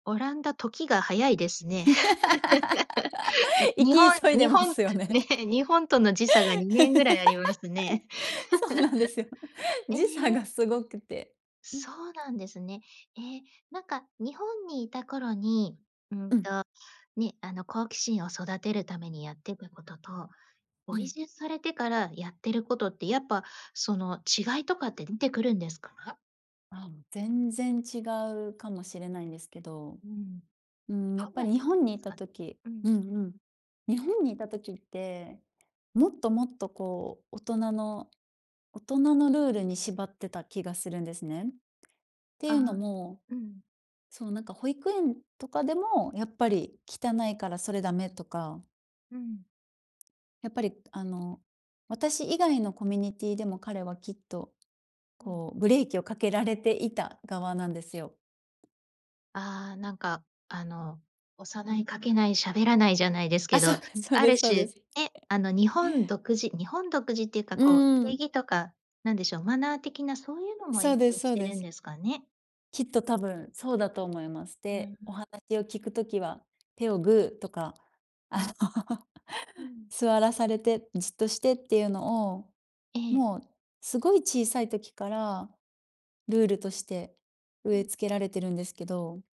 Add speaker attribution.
Speaker 1: オランダ時が早いですね。
Speaker 2: 生
Speaker 1: 日
Speaker 2: き
Speaker 1: 本
Speaker 2: 急いで
Speaker 1: 日
Speaker 2: ま
Speaker 1: 本
Speaker 2: すよね。
Speaker 1: 日本との時差が2年ぐらいありますね。
Speaker 2: そうなんですよ。
Speaker 1: え
Speaker 2: 時差が
Speaker 1: え。
Speaker 2: すごくて、うん。
Speaker 1: そうなんですね。え、なんか日本にいた頃に、う
Speaker 2: う
Speaker 1: ん
Speaker 2: ん。
Speaker 1: とね、あの好奇心を育てるためにやってたことと、
Speaker 2: う
Speaker 1: お移
Speaker 2: ん。
Speaker 1: 住されてからやってることってやっぱその違いとかって出てくるんですか？
Speaker 2: あ、全然違うかもしれないんですけど。
Speaker 1: うん。
Speaker 2: うーん、やっ
Speaker 1: どん
Speaker 2: ぱ
Speaker 1: な
Speaker 2: り日本に
Speaker 1: [unintelligible]
Speaker 2: い
Speaker 1: す
Speaker 2: た
Speaker 1: か。
Speaker 2: 時
Speaker 1: う
Speaker 2: う
Speaker 1: ん。
Speaker 2: んうん。日本にいた時って、もっともっとこう、大人の大人のルールに縛ってた気がするんですね。って
Speaker 1: あ
Speaker 2: いうの
Speaker 1: あ、
Speaker 2: も、
Speaker 1: うん。
Speaker 2: そう、なんか保育園とかでも、やっぱり汚いからそれダメとか。
Speaker 1: うん。
Speaker 2: やっぱりあの、私以外のコミュニティでも彼はきっと、
Speaker 1: うん。
Speaker 2: こうブレーキをかけられていた側なんですよ。
Speaker 1: ああ、なんかあの押さない、駆けない、喋らないじゃないですけ
Speaker 2: あ、そう
Speaker 1: ど、
Speaker 2: ですそう
Speaker 1: あ
Speaker 2: で
Speaker 1: る
Speaker 2: すそう
Speaker 1: 種、
Speaker 2: です。
Speaker 1: ね、あの日本独自、日本独自っていうか
Speaker 2: う
Speaker 1: こう定
Speaker 2: ん。
Speaker 1: 義とか、何でしょう、マナー的なそういうのも
Speaker 2: そ
Speaker 1: 影
Speaker 2: うです
Speaker 1: 響
Speaker 2: そ
Speaker 1: し
Speaker 2: う
Speaker 1: て
Speaker 2: で
Speaker 1: るん
Speaker 2: す。
Speaker 1: ですかね。
Speaker 2: きっと多分そうだと思います。
Speaker 1: うん。
Speaker 2: で、お話を聞くときは、手をグーとか、
Speaker 1: う
Speaker 2: あ
Speaker 1: ん。
Speaker 2: の、
Speaker 1: うん。
Speaker 2: 座らされて、じっとしてっていうのを、
Speaker 1: ええ。
Speaker 2: もうすごい小さい時から、ルールとして
Speaker 1: う
Speaker 2: 植え
Speaker 1: ん。
Speaker 2: 付けられてるんですけど。